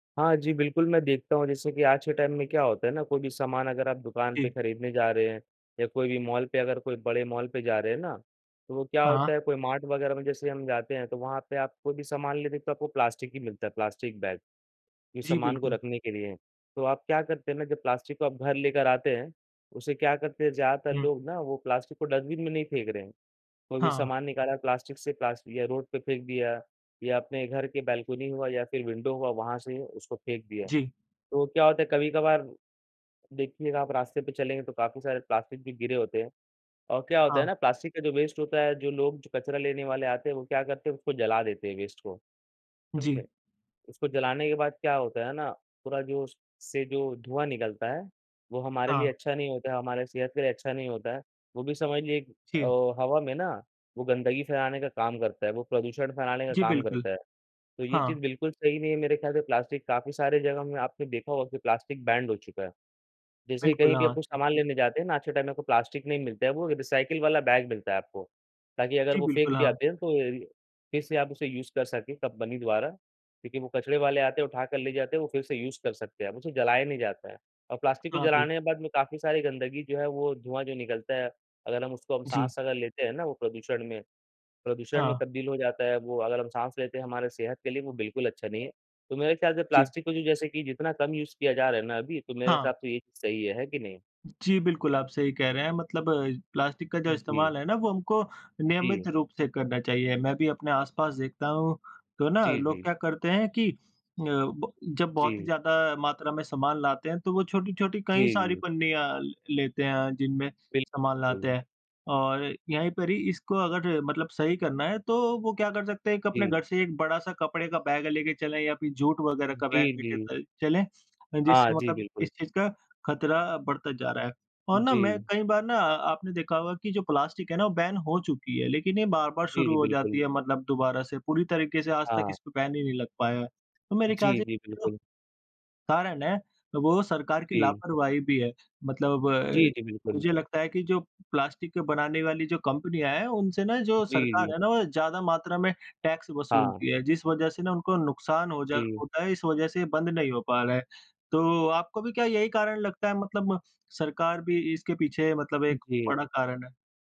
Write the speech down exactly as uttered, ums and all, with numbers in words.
हाँ जी, बिल्कुल। मैं देखता हूँ जैसे कि आज के टाइम में क्या होता है ना? कोई भी सामान अगर आप दुकान पे जी। खरीदने जा रहे हैं या कोई भी मॉल पे अगर कोई बड़े मॉल पे जा रहे हैं ना, तो वो क्या हाँ। होता है कोई मार्ट वगैरह में जैसे हम जाते हैं तो वहाँ पे आप कोई भी सामान लेते तो आपको प्लास्टिक ही मिलता है, प्लास्टिक बैग इस जी, सामान को बिल्कुल। रखने के लिए। तो आप क्या करते हैं ना जब प्लास्टिक को आप घर लेकर आते हैं, उसे क्या करते हैं ज़्यादातर हुँ। लोग ना वो प्लास्टिक को डस्टबिन में नहीं फेंक रहे हैं। कोई भी हाँ। सामान निकाला प्लास्टिक से प्लास्टि या रोड पे फेंक दिया या अपने घर की बैलकोनी हुआ या फिर विंडो हुआ वहाँ से उसको फेंक दिया। जी। तो क्या होता है कभी-कभार देखिएगा आप रास्ते पे चलेंगे तो काफ़ी सारे प्लास्टिक भी गिरे होते हैं। और क्या होता है हाँ। ना प्लास्टिक का जो वेस्ट होता है, जो लोग जो कचरा लेने वाले आते हैं वो क्या करते हैं उसको जला देते हैं वेस्ट को। जी। समझे? उसको जलाने के बाद क्या होता है ना, पूरा जो उस से जो धुआँ निकलता है, वो हमारे लिए हाँ। अच्छा नहीं होता है, हमारे सेहत के लिए अच्छा नहीं होता है। वो भी समझ लिए क जी। अ, हवा में ना वो गंदगी फैलाने का काम करता है, वो प्रदूषण फैलाने का जी, काम बिल्कुल। करता है। तो ये हाँ। चीज़ बिल्कुल सही नहीं है मेरे ख़याल से प्लास्टिक काफ़ी सारे जगहों में आपने देखा होगा कि प्लास्टिक बैन्ड हो चुका है। जैसे बिल्कुल, कहीं भी हाँ। कुछ सामान लेने जाते हैं ना, आज के टाइम में कोई प्लास्टिक नहीं मिलता है वो रिसाइकिल वाला बैग मिलता है आपको। ताकि अगर जी वो बिल्कुल। फेंक भी हाँ। आते हैं तो फिर से आप उसे यूज़ कर सके, कंपनी द्वारा। क्योंकि वो कचरे वाले आते हैं उठाकर ले जाते हैं वो फिर से यूज़ कर सकते हैं। उसे जलाया नहीं जाता है और प्लास्टिक को हाँ, बिल्क जलाने के बाद में काफ़ी सारी गंदगी जो है वो धुआँ जो निकलता है, अगर हम उसको हम जी। साँस अगर लेते हैं ना वो प्रदूषण में प्रदूषण में हाँ। तब्दील हो जाता है वो अगर हम साँस लेते हैं हमारे सेहत के लिए वो बिल्कुल अच्छा नहीं है। तो मेरे ख़याल से जी। प्लास्टिक को जो जैसे कि जितना कम यूज़ किया जा रहा है ना अभी, तो मेरे हाँ। हिसाब से ये चीज़ सही है। है कि नहीं? जी, बिल्कुल। आप सही कह रहे हैं, मतलब अ, प्लास्टिक का जो जी। इस्तेमाल है ना वो हमको नियमित जी। रूप से करना चाहिए। मैं भी अपने आस-पास देखता हूँ तो ना जी, लोग जी। क्या करते हैं कि अ, ब जब बहुत ही जी। ज़्यादा मात्रा में सामान लाते हैं तो वो छोटी-छोटी जी, कई सारी जी। पन्नियाँ ल लेते हैं जिनमें सामान लाते बिल्कुल। हैं। और यहीं पर ही इसको अगर मतलब सही करना है, तो वो क्या कर सकते हैं एक अपने जी। घर से एक बड़ा-सा कपड़े का बैग लेके चलें या फिर जूट वगैरह का बैग जी, लेके जी। तइ चलें, जिससे हाँ जी, मतलब इस बिल्कुल। चीज़ का खतरा अ, बढ़ता जा रहा है। और ना मैं जी। कई बार ना आपने देखा होगा कि जो प्लास्टिक है ना वो बैन हो चुकी है लेकिन ये बार-बार जी, शुरू जी। हो जाती बिल्कुल। है मतलब दोबारा से पूरी तरीके से आज तक हाँ। इस पर बैन ही नहीं लग पाया है। तो मेरे ख़याल जी, से जी। जो बिल्कुल। कारण है वो सरकार की जी। लापरवाही भी है, मतलब अ, जी, जी। बिल्कुल। मुझे लगता है कि जो प्लास्टिक को बनाने वाली जो कंपनियाँ हैं उनसे ना जो जी, सरकार जी। है ना वो ज़्यादा मात्रा में टैक्स हाँ। वसूलती है। जिस वजह से ना उनको नुकसान होजा जी। होता है, इस वजह से ये बंद नहीं हो पा रहा है। तो आपको भी क्या यही कारण लगता है मतलब सरकार भी इसके पीछे मतलब एक जी। बड़ा कारण है?